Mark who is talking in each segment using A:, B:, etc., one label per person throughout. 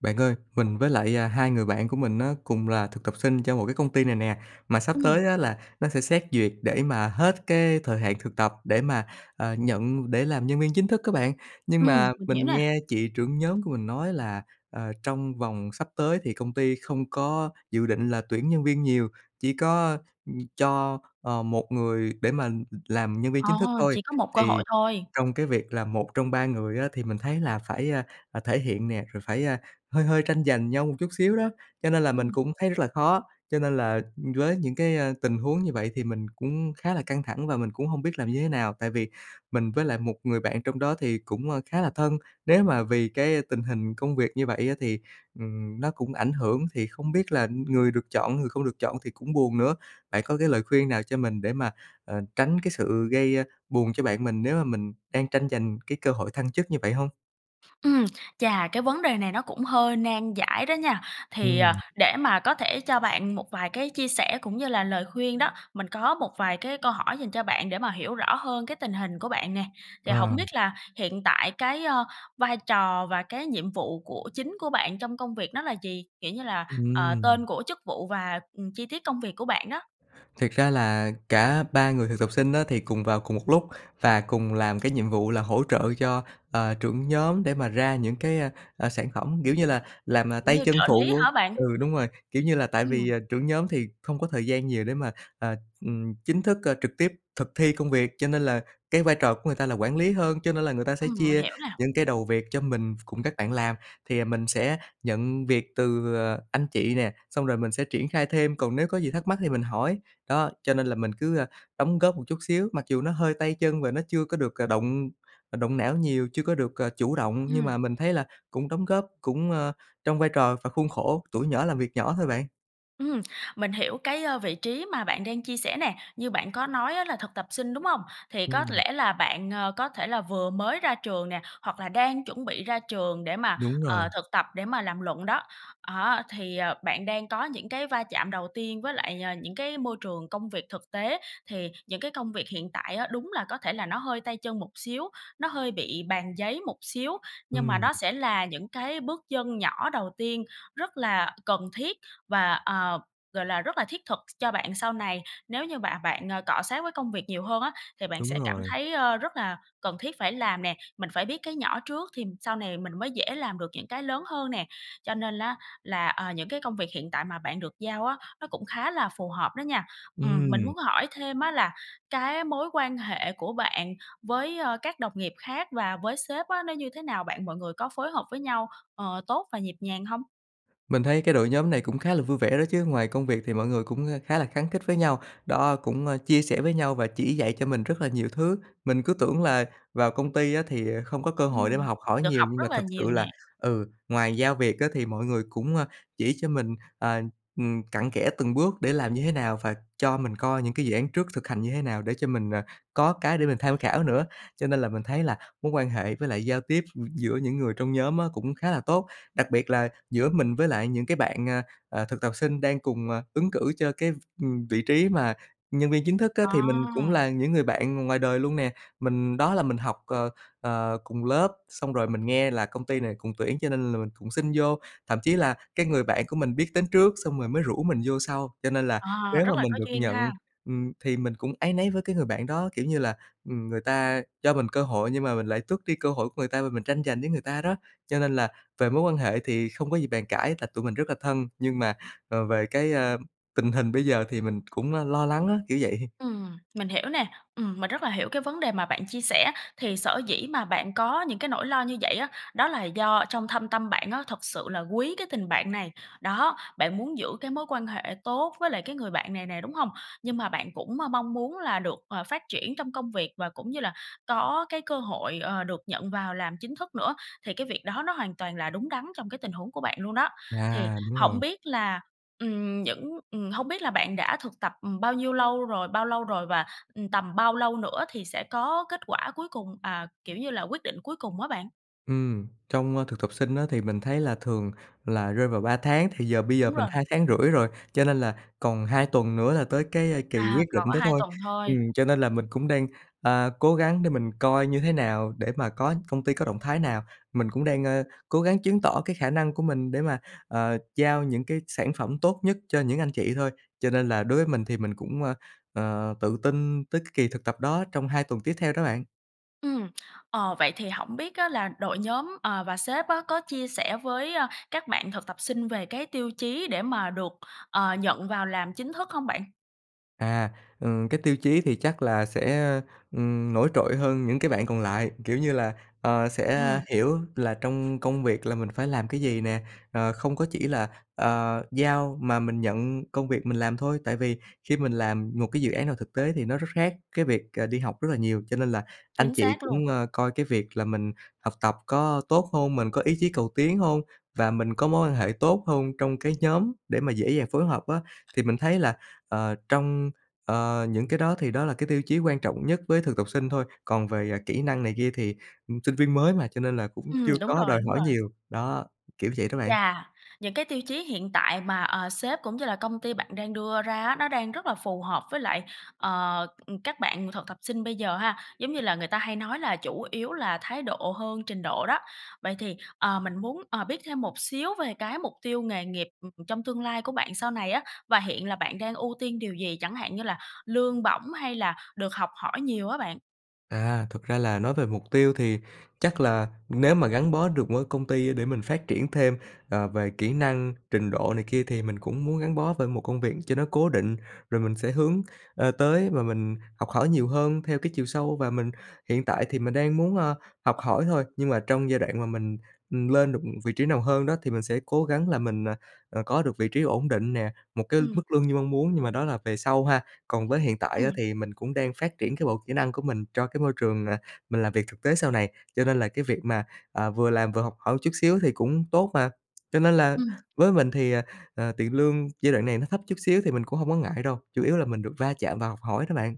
A: Bạn ơi, mình với lại, à, hai người bạn của mình á, cùng là thực tập sinh cho một cái công ty này nè. Mà sắp tới
B: Ừm.
A: á, là nó sẽ xét duyệt để mà hết cái thời hạn thực tập để mà, ờ, nhận để làm nhân viên chính thức á bạn. Nhưng
B: Ừm,
A: mà
B: mình hiểu
A: mình
B: nè.
A: nghe chị trưởng nhóm của mình nói là, ờ, trong vòng sắp tới thì công ty không có dự định là tuyển nhân viên nhiều, chỉ có, ừm, cho, ờ, một người để mà làm nhân viên
B: Ờ,
A: chính thức thôi.
B: chỉ có một cơ
A: Thì
B: hội thôi.
A: trong cái việc là một trong ba người á, thì mình thấy là phải, a, ờ, thể hiện nè, rồi phải, a, hơi hơi tranh giành nhau một chút xíu đó, cho nên là mình
B: Ừm.
A: cũng thấy rất là khó. Cho nên là, ừm, với những cái, a, tình huống như vậy thì mình cũng khá là căng thẳng và mình cũng hông biết làm như thế nào. Tại vì mình với lại một người bạn trong đó thì cũng, ơ, khá là thân. Nếu mà vì cái, a, tình hình công việc như vậy á, thì, ừm, nó cũng ảnh hưởng, thì không biết là người được chọn, người không được chọn thì cũng buồn nữa. Bạn có cái lời khuyên nào cho mình để mà, ờ, tránh cái sự gây, a, buồn cho bạn mình nếu mà mình đang tranh giành cái cơ hội thăng chức như vậy hông?
B: Ừm, chà, cái vấn đề này nó cũng hơi nan giải đó nha! Thì, à,
A: Ừm.
B: để mà có thể cho bạn một vài cái chia sẻ cũng như là lời khuyên đó, mình có một vài cái câu hỏi dành cho bạn để mà hiểu rõ hơn cái tình hình của bạn nè. Thì
A: Ờ.
B: hổng biết là hiện tại cái, ơ, vai trò và cái nhiệm vụ của chính của bạn trong công việc nó là gì? Kiểu như là, ờ,
A: Ừm.
B: tên của chức vụ và, ừm, chi tiết công việc của bạn đó?
A: Thiệt ra là cả 3 người thực tập sinh á, thì cùng vào cùng một lúc, và cùng làm cái nhiệm vụ là hỗ trợ cho, ờ, trưởng nhóm để mà ra những cái, a, ờ, sản phẩm, kiểu như là, làm, ờ,
B: Kiểu
A: tay
B: như
A: chân
B: trợ lý
A: phụ
B: hả bạn?
A: ừ, đúng rồi. Kiểu như là tại vì,
B: Ừm.
A: à, trưởng nhóm thì không có thời gian nhiều để mà, à, ừm, chính thức, ơ, trực tiếp thực thi công việc, cho nên là cái vai trò của người ta là quản lý hơn, cho nên là người ta sẽ
B: Ừm, mình
A: chia
B: hiểu nè.
A: những cái đầu việc cho mình cùng các bạn làm. Thì mình sẽ nhận việc từ, ờ, anh chị nè, xong rồi mình sẽ triển khai thêm, còn nếu có gì thắc mắc thì mình hỏi. Đó, cho nên là mình cứ, a, đóng góp một chút xíu. Mặc dù nó hơi tay chân và nó chưa có được, ờ, động, ờ, động não nhiều, chưa có được, ờ, chủ động, nhưng
B: Ừm.
A: mà mình thấy là cũng đóng góp cũng, ơ, trong vai trò và khuôn khổ tuổi nhỏ làm việc nhỏ thôi bạn.
B: Ừm, mình hiểu cái, ơ, vị trí mà bạn đang chia sẻ nè. Như bạn có nói á là thực tập sinh, đúng hông? Thì có
A: Ừm.
B: lẽ là bạn, ờ, có thể là vừa mới ra trường nè, hoặc là đang chuẩn bị ra trường để mà,
A: Đúng rồi.
B: ờ, thực tập để mà làm luận đó. Đó, thì, ờ, bạn đang có những cái va chạm đầu tiên với lại, ờ, những cái môi trường công việc thực tế. Thì những cái công việc hiện tại á, đúng là có thể là nó hơi tay chân một xíu, nó hơi bị bàn giấy một xíu. Nhưng mà
A: Ừm.
B: nó sẽ là những cái bước chân nhỏ đầu tiên rất là cần thiết và, ờ, gọi là, rất là thiết thực ch cho bạn sau này, nếu như bạn bạn, ờ, cọ xát với công việc nhiều hơn á, thì bạn
A: Đúng
B: sẽ cảm
A: rồi.
B: thấy, ờ, rất là cần thiết phải làm nè. Mình phải biết cái nhỏ trước thì sau này mình mới dễ làm được những cái lớn hơn nè. Cho nên á, là, à, những cái công việc hiện tại mà bạn được giao á, nó cũng khá là phù hợp đó nha. Ừm, mình
A: Ừm.
B: muốn hỏi thêm á là cái mối quan hệ của bạn với, ơ, các đồng nghiệp khác và với sếp á, nó như thế nào bạn? Mọi người có phối hợp với nhau, ờ, tốt và nhịp nhàng hông?
A: Mình thấy cái đội nhóm này cũng khá là vui vẻ đó chứ. Ngoài công việc thì mọi người cũng, ờ, khá là khăng khít với nhau, đó, cũng, ơ, chia sẻ với nhau và chỉ dạy cho mình rất là nhiều thứ. Mình cứ tưởng là vào công ty á, thì, à, không có cơ hội để mà
B: Ừm,
A: học hỏi
B: được
A: nhiều,
B: học
A: nhưng mà
B: rất là
A: thật sự
B: nhiều
A: là,
B: nè.
A: ừ, ngoài giao việc á thì mọi người cũng, ờ, chỉ cho mình, à, ừm, cặn kẽ từng bước để làm như thế nào, và cho mình coi những cái dự án trước thực hành như thế nào để cho mình, à, có cái để mình tham khảo nữa. Cho nên là mình thấy là mối quan hệ với lại giao tiếp, ừm, giữa những người trong nhóm á, cũng khá là tốt. Đặc biệt là giữa mình với lại những cái bạn, à, à, thực tập sinh đang cùng, à, ứng cử cho cái v ừm, vị trí mà nhân viên chính thức á,
B: Ờ.
A: thì mình cũng là những người bạn ngoài đời luôn nè. Mình đó là mình học, ờ, ờ, cùng lớp, xong rồi mình nghe là công ty này cũng tuyển cho nên là mình cũng xin vô. Thậm chí là cái người bạn của mình biết đến trước xong rồi mới rủ mình vô sau. Cho nên là
B: Ờ,
A: nếu mà
B: rất là
A: mình
B: có
A: được
B: duyên
A: nhận,
B: ha.
A: ừm, thì mình cũng áy náy với cái người bạn đó, kiểu như là, ừm, người ta cho mình cơ hội nhưng mà mình lại tước đi cơ hội của người ta và mình tranh giành với người ta đó. Cho nên là về mối quan hệ thì không có gì bàn cãi tại tụi mình rất là thân, nhưng mà, ờ, về cái, a, tình hình bây giờ thì mình cũn, a, lo lắng á, kiểu vậy.
B: Ừm, mình hiểu nè. Ừm, mình rất là hiểu cái vấn đề mà bạn chia sẻ. Thì sở dĩ mà bạn có những cái nỗi lo như vậy á, đó là do trong thâm tâm bạn á, thực sự là quý cái tình bạn này. Đó, bạn muốn giữ cái mối quan hệ tốt với lại cái người bạn này nè, đúng hông? Nhưng mà bạn cũng m mong muốn là được, ờ, phát triển trong công việc, và cũng như là có cái cơ hội, ờ, được nhận vào làm chính thức nữa. Thì cái việc đó nó hoàn toàn là đúng đắn trong cái tình huống của bạn luôn đó. Thì
A: À, đúng
B: hổng
A: rồi.
B: biết là, ừm, những ừm, hông biết là bạn đã thực tập, ừm, bao nhiêu lâu rồi bao lâu rồi? Và, ừm, tầm bao lâu nữa thì sẽ có kết quả cuối cùng, à, kiểu như là, quyết định cuối cùng á bạn?
A: Ừm, trong, a, thực tập sinh á, thì mình thấy là thường là rơi vào 3 tháng, thì giờ bây giờ
B: Đúng
A: mình
B: rồi.
A: 2,5 tháng rồi, cho nên là còn 2 tuần nữa là tới cái, a, kỳ
B: À,
A: quyết
B: cỡ
A: định đó
B: 2
A: thôi.
B: tuần thôi.
A: Ừm, cho nên là mình cũng đang, ờ, cố gắng để mình coi như thế nào để mà có công ty có động thái nào. Mình cũng đang, a, cố gắng chứng tỏ cái khả năng của mình để mà, ờ, giao những cái sản phẩm tốt nhất cho những anh chị thôi. Cho nên là đối với mình thì mình cũng, ờ, ờ, tự tin tới cái kỳ thực tập đó trong 2 tuần tiếp theo đó bạn.
B: Ừm, ờ, vậy thì hổng biết á là đội nhóm, ờ, và sếp á, có chia sẻ với, ơ, các bạn thực tập sinh về cái tiêu chí để mà được, ờ, nhận vào làm chính thức hông bạn?
A: À, ừ, cái tiêu chí thì chắc là sẽ, ừm, nổi trội hơn những cái bạn còn lại, kiểu như là, ờ, sẽ
B: Ừm.
A: hiểu là trong công việc là mình phải làm cái gì nè, ờ, không có chỉ là, ờ, giao mà mình nhận công việc mình làm thôi. Tại vì khi mình làm một cái dự án nào thực tế thì nó rất khác cái việc, ờ, đi học rất là nhiều. Cho nên là anh
B: Chính
A: chị
B: xác luôn.
A: cũng, ờ, coi cái việc là mình học tập có tốt hông, mình có ý chí cầu tiến hông và mình có mối quan hệ tốt hông trong cái nhóm để mà dễ dàng phối hợp á. Thì mình thấy là, ờ, trong, ờ, những cái đó thì đó là cái tiêu chí quan trọng nhất với thực tập sinh thôi. Còn về, à, kỹ năng này kia thì, ừm, sinh viên mới mà, cho nên là cũng
B: Ừm,
A: chưa
B: đúng
A: có
B: rồi,
A: đòi
B: đúng
A: hỏi
B: rồi.
A: nhiều. Đó, kiểu vậy đó bạn.
B: Chà! Những cái tiêu chí hiện tại mà, ờ, sếp cũng như là công ty bạn đang đưa ra á, nó đang rất là phù hợp với lại, ờ, ừm, các bạn thực tập sinh bây giờ ha. Giống như là người ta hay nói là chủ yếu là thái độ hơn trình độ đó. Vậy thì, ờ, mình muốn, ờ, biết thêm một xíu về cái mục tiêu nghề nghiệp, ừm, trong tương lai của bạn sau này á. Và hiện là bạn đang ưu tiên điều gì, chẳng hạn như là lương bổng hay là được học hỏi nhiều á bạn?
A: À, thực ra là nói về mục tiêu thì chắc là nếu mà gắn bó được với công ty để mình phát triển thêm, ờ, về kỹ năng, trình độ này kia thì mình cũng muốn gắn bó bởi một công việc cho nó cố định. Rồi mình sẽ hướng, ờ, tới và mình học hỏi nhiều hơn theo cái chiều sâu, và mình hiện tại thì mình đang muốn, ờ, học hỏi thôi. Nhưng mà trong giai đoạn mà mình, ừm, lên được, ừm, vị trí nào hơn đó thì mình sẽ cố gắng là mình, à, ờ, có được vị trí ổn định nè, một cái
B: Ừm.
A: mức lương như mong muốn, nhưng mà đó là về sau ha. Còn với hiện tại á
B: Ừm.
A: thì mình cũng đang phát triển cái bộ kỹ năng của mình cho cái môi trường, à, mình làm việc thực tế sau này. Cho nên là cái việc mà, à, vừa làm vừa học hỏi chút xíu thì cũng tốt mà. Cho nên là
B: Ừm.
A: với mình thì, à, ờ, tiền lương giai đoạn này nó thấp chút xíu thì mình cũng hông có ngại đâu, chủ yếu là mình được va chạm và học hỏi đó bạn.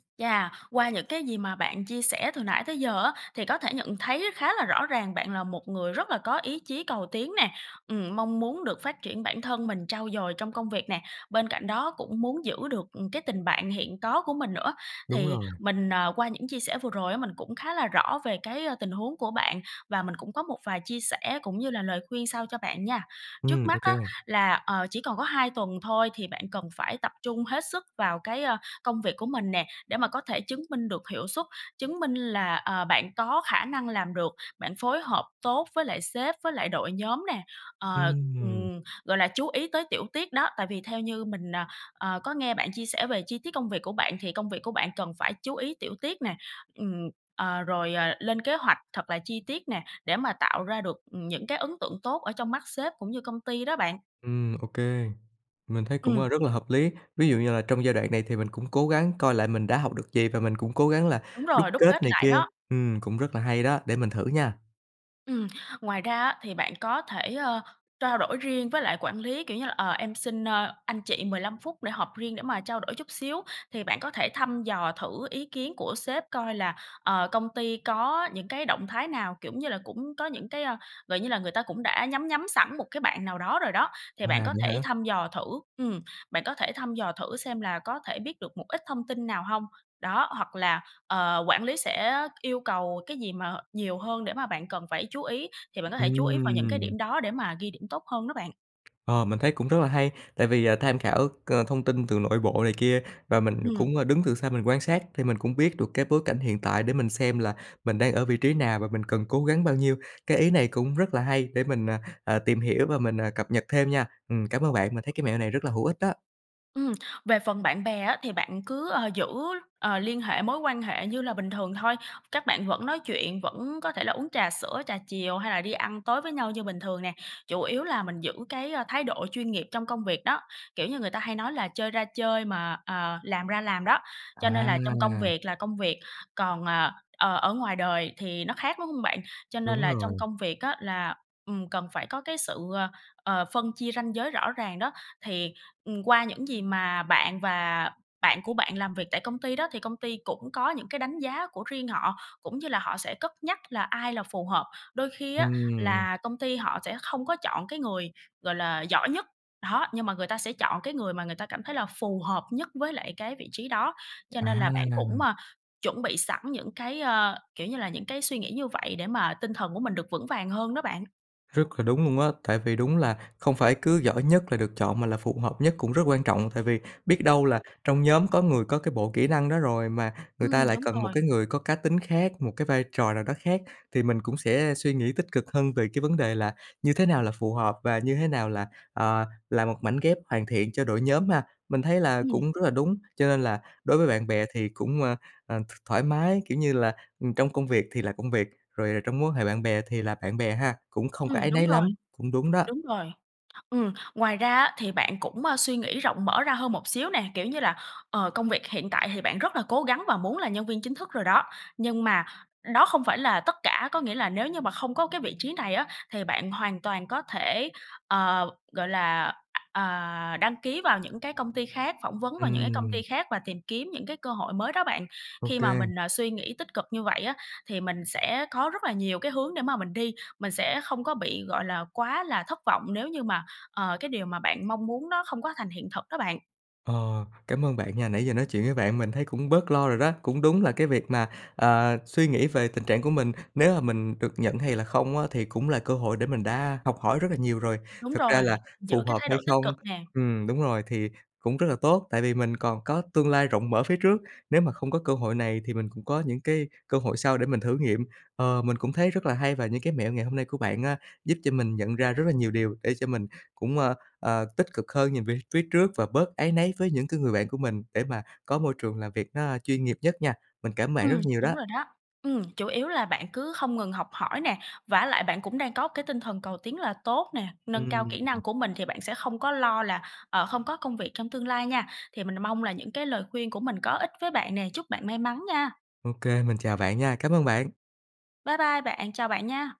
B: Chà, qua những cái gì mà bạn chia sẻ từ nãy tới giờ á, thì có thể nhận thấy khá là rõ ràng bạn là một người rất là có ý chí cầu tiến nè. Ừm, mong muốn được phát triển bản thân mình, trau dồi trong công việc nè, bên cạnh đó cũng muốn giữ được, ừm, cái tình bạn hiện có của mình nữa.
A: Đúng
B: Thì
A: rồi.
B: mình, ờ, qua những chia sẻ vừa rồi á, mình cũng khá là rõ về cái, a, tình huống của bạn, và mình cũng có một vài chia sẻ cũng như là lời khuyên sau cho bạn nha. Trước
A: Ừm, ô
B: mắt
A: kê
B: á,
A: bạn.
B: là, ờ, chỉ còn có 2 tuần thôi, thì bạn cần phải tập trung hết sức vào cái, ơ, công việc của mình nè. Để mà có thể chứng minh được hiệu suất, chứng minh là, ờ, bạn có khả năng làm được, bạn phối hợp tốt với lại sếp với lại đội nhóm nè, ờ,
A: Ừm.
B: ừm, gọi là, chú ý tới tiểu tiết đó. Tại vì theo như mình, ờ, ờ, có nghe bạn chia sẻ về chi tiết công việc của bạn, thì công việc của bạn cần phải chú ý tiểu tiết nè. Ừm, ờ, rồi, ờ, lên kế hoạch thật là chi tiết nè, để mà tạo ra được, ừm, những cái ấn tượng tốt ở trong mắt sếp cũng như công ty đó bạn.
A: Ừm, ô kê. Mình thấy cũng,
B: Ừm.
A: ơ, rất là hợp lý. Ví dụ như là trong giai đoạn này thì mình cũng cố gắng coi lại mình đã học được gì và mình cũng cố gắng là
B: Đúng
A: đúc
B: rồi, đúc
A: kết
B: kết
A: này
B: lại
A: kia.
B: đó.
A: Ừm, cũng rất là hay đó, để mình thử nha.
B: Ừm, ngoài ra á thì bạn có thể, ơ, trao đổi riêng với lại quản lý, kiểu như là "Ờ, em xin, ơ, anh chị 15 phút để họp riêng để mà trao đổi chút xíu." Thì bạn có thể thăm dò thử ý kiến của sếp coi là, ờ, công ty có những cái động thái nào, kiểu như là, cũng có những cái, ơ gọi như là, người ta cũng đã nhắm nhắm sẵn một cái bạn nào đó rồi đó, thì bạn
A: À,
B: có
A: vậy
B: thể
A: hả?
B: thăm dò thử ừm, bạn có thể thăm dò thử xem là có thể biết được một ít thông tin nào hông, đó. Hoặc là, ờ, quản lý sẽ yêu cầu cái gì mà, nhiều hơn để mà bạn cần phải chú ý, thì bạn có thể chú ý vào những cái
A: Ừm.
B: điểm đó để mà ghi điểm tốt hơn đó bạn.
A: Ờ, mình thấy cũng rất là hay. Tại vì, à, tham khảo, ờ, thông tin từ nội bộ này kia, và mình
B: Ừm.
A: cũng, ơ, đứng từ xa mình quan sát thì mình cũng biết được cái bối cảnh hiện tại để mình xem là mình đang ở vị trí nào, và mình cần cố gắng bao nhiêu. Cái ý này cũng rất là hay, để mình, ờ, ờ, tìm hiểu và mình, ờ, cập nhật thêm nha. Ừm, cảm ơn bạn mình thấy cái mẹo này rất là hữu ích đó.
B: Ừm, về phần bạn bè á thì bạn cứ, ờ, giữ, ờ, liên hệ, mối quan hệ như là bình thường thôi. Các bạn vẫn nói chuyện, vẫn có thể là uống trà sữa, trà chiều hay là đi ăn tối với nhau như bình thường nè, chủ yếu là mình giữ cái, a, thái độ chuyên nghiệp trong công việc đó. Kiểu như người ta hay nói là chơi ra chơi mà, à, làm ra làm đó. Cho nên là trong công
A: À!
B: việc là công việc, còn, ờ, ờ, ở ngoài đời thì nó khác, đúng hông bạn? Cho nên
A: Đúng
B: là trong
A: rồi.
B: công việc á là, ừm, cần phải có cái sự, ờ, ờ, phân chia ranh giới rõ ràng đó. Thì, ừm, qua những gì mà bạn và bạn của bạn làm việc tại công ty đó thì công ty cũng có những cái đánh giá của riêng họ, cũng như là họ sẽ cất nhắc là ai là phù hợp. Đôi khi á
A: Ừm.
B: là công ty họ sẽ không có chọn cái người, gọi là, giỏi nhất, đó, nhưng mà người ta sẽ chọn cái người mà người ta cảm thấy là phù hợp nhất với lại cái vị trí đó. Cho nên là bạn cũng,
A: À!
B: à, chuẩn bị sẵn những cái, ơ, kiểu như là, những cái suy nghĩ như vậy để mà tinh thần của mình được vững vàng hơn đó bạn.
A: Rất là đúng luôn á. Tại vì đúng là không phải cứ giỏi nhất là được chọn mà là phù hợp nhất cũng rất quan trọng. Tại vì biết đâu là trong nhóm có người có cái bộ kỹ năng đó rồi mà người ta
B: Ừm,
A: lại
B: đúng
A: cần một
B: rồi.
A: cái người có cá tính khác, một cái vai trò nào đó khác. Thì mình cũng sẽ suy nghĩ tích cực hơn về cái vấn đề là như thế nào là phù hợp và như thế nào là, ờ, là một mảnh ghép hoàn thiện cho đội nhóm ha. Mình thấy là
B: Ừm.
A: cũng rất là đúng, cho nên là đối với bạn bè thì cũng, à, à, th thoải mái, kiểu như là, ừm, trong công việc thì là công việc, rồi trong mối quan hệ bạn bè thì là bạn bè ha, cũng không có
B: Ừm,
A: áy
B: đúng
A: náy
B: rồi,
A: lắm. Cũng đúng đó.
B: đúng rồi. Ừm, ngoài ra á, thì bạn cũng, a, suy nghĩ rộng mở ra hơn một xíu nè. Kiểu như là, ờ, công việc hiện tại thì bạn rất là cố gắng và muốn là nhân viên chính thức rồi đó, nhưng mà đó không phải là tất cả. Có nghĩa là nếu như mà không có cái vị trí này á, thì bạn hoàn toàn có thể, ờ, gọi là, à, đăng ký vào những cái công ty khác, phỏng vấn vào những cái công
A: Ừm.
B: ty khác và tìm kiếm những cái cơ hội mới đó bạn.
A: Ô
B: Khi mà
A: kê.
B: mình, à, suy nghĩ tích cực như vậy á, thì mình sẽ có rất là nhiều cái hướng để mà mình đi. Mình sẽ không có bị, gọi là, quá là thất vọng nếu như mà, ờ, cái điều mà bạn mong muốn nó không có thành hiện thực đó bạn.
A: Ờ, cảm ơn bạn nha. Nãy giờ nói chuyện với bạn mình thấy cũng bớt lo rồi đó. Cũng đúng là cái việc mà, ờ, suy nghĩ về tình trạng của mình nếu mà mình được nhận hay là không á, thì cũng là cơ hội để mình đã học hỏi rất là nhiều rồi.
B: Đúng
A: Thực ra
B: rồi,
A: là
B: giữ
A: phù
B: cái
A: hợp
B: thái
A: hay
B: độ tích
A: không
B: cực nè.
A: ừm, đúng rồi, thì cũng rất là tốt, tại vì mình còn có tương lai rộng mở phía trước. Nếu mà không có cơ hội này thì mình cũng có những cái cơ hội sau để mình thử nghiệm. Ờ, mình cũng thấy rất là hay, và những cái mẹo ngày hôm nay của bạn á, giúp cho mình nhận ra rất là nhiều điều để cho mình cũng, ờ, ờ, tích cực hơn nhìn về phía trước và bớt áy náy với những cái người bạn của mình, để mà có môi trường làm việc nó, a, chuyên nghiệp nhất nha. Mình cảm ơn
B: Ừ,
A: bạn rất nhiều
B: đúng
A: đó!
B: rồi đó. Ừm, chủ yếu là bạn cứ không ngừng học hỏi nè, vả lại bạn cũng đang có cái tinh thần cầu tiến là tốt nè. Nâng cao kỹ
A: Ừm.
B: năng của mình thì bạn sẽ không có lo là, ờ, không có công việc trong tương lai nha. Thì mình mong là những cái lời khuyên của mình có ích với bạn nè. Chúc bạn may mắn nha!
A: Ô kê. Mình chào bạn nha. Cảm ơn bạn!
B: Bye bye bạn! Chào bạn nha!